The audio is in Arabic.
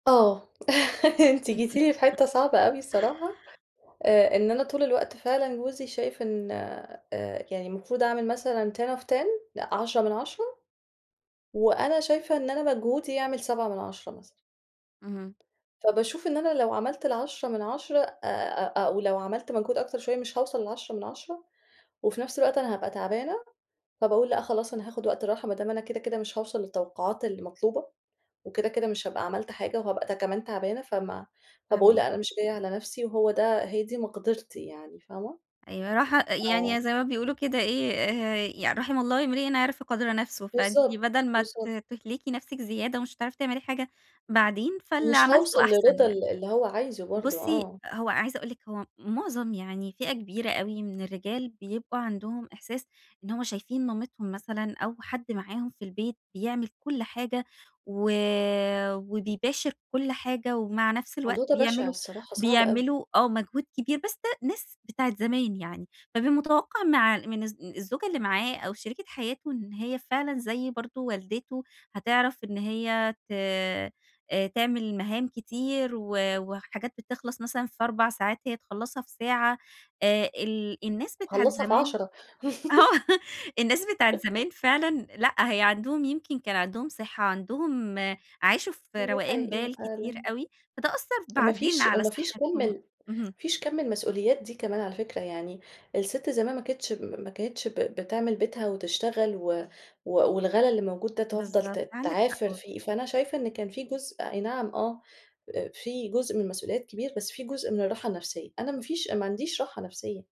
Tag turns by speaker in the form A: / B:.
A: آه أنتِ جيتِ لي في حتة صعبة أوي الصراحة آآ، إن أنا طول الوقت فعلًا جوزي شايف إن آآ، يعني المفروض أعمل مثلًا 10 of 10 لأ، 10 من 10 وأنا شايفة إن أنا مجهودي يعمل 7 من 10 مثلًا.
B: اهم.
A: فباشوف إن أنا لو عملت ال 10 من 10 آآ أو لو عملت منك أكتر شوية مش هاوصل ل10 من 10 وفي نفْس الوقت أنا هابقى تعبانة، فباقول لأ خلاص أنا هاخد وقت راحة، ما دام أنا كده، كده مش هاوصل للتوقعات المطلوبة، وكده كده مش هابقى عملت حاجة وهابقى كمان تعبانة؛ فما فباقول
B: فاهماكِ.
A: لأ، أنا مش جاية على نفسي وهو ده هي دي مقدرتي يعني، فاهمة؟
B: [unintelligible] يعني،
A: آه.
B: يعني زي ما بيقولوا كده إيه، يعني: "رَحِم الله امرِأً عَرف قَدْر نَفْسهِ"، فأنتِ
A: بالضبط،
B: بدل ما ت
A: بالضبط.
B: تُهلكي نفسك زيادة، ومش هتعرفي تعملي حاجة بعدين، فاللي
A: مش هاوصل
B: عملتِه أحسن
A: للرضا
B: يعني.
A: ال اللي هو عايزه برضو،
B: بُصي،
A: آه.
B: هو عايزة أقول لِك، هو معظم يعني فئة كبيرة من الرجال، بيبقى عندهم إحساس إن هم شايفين مامتهم مثلًا، أو حد معاهم في البيت بيعمل كل حاجة، و وبيباشر كل حاجة، ومع نفس الوقت
A: الموضوع ده بَشِع
B: بيعملوا
A: الصراحة، صعب أوي.
B: بيعملوا آه مجهود كبير، بس ده ناس بتاعة زمان يعني، فبيبقى متوقع مع من الز الزوجة اللي معاه أو شريكة حياته، إن هي فعلًا زي برضو والدته، هتعرف إن هي ت آآ تعمل مهام كتير، و وحاجات بتخلص مثلًا في 4 ساعات، هي تخلّصها في ساعة، آآ ال الناس بتاعة
A: أخلّصها في
B: زمان
A: 10
B: آه الناس بتاع الزمان فعلًا لأ، هي عندهم يمكن كان عندهم صِحَة، عندهم عاشوا في
A: دي
B: روقان
A: حقيقية،
B: بال كتير
A: فعلًا.
B: أوي، فده أثّر
A: وما
B: بعدين
A: فيش
B: على
A: وما فيش كُم ال
B: صِحَتهم. اهم.
A: ما فيش كَم المسؤوليات دي كمان على فكرة يعني، السِت زمان ما كانتش ما كانتش ب بتِعمل بيتها وتشتغل و و والغلاء اللي الموجود ده، تفضل
B: بالضبط،
A: ت
B: عندِك حق
A: تعافِر
B: والله.
A: فيه، فأنا شايفة إن كان في جزء آي نعم آه في جُزء من مسؤوليات كبير، بس في جزء من الراحة النفسّية، أنا ما فيش أنا ما عنديش راحة نفسّية.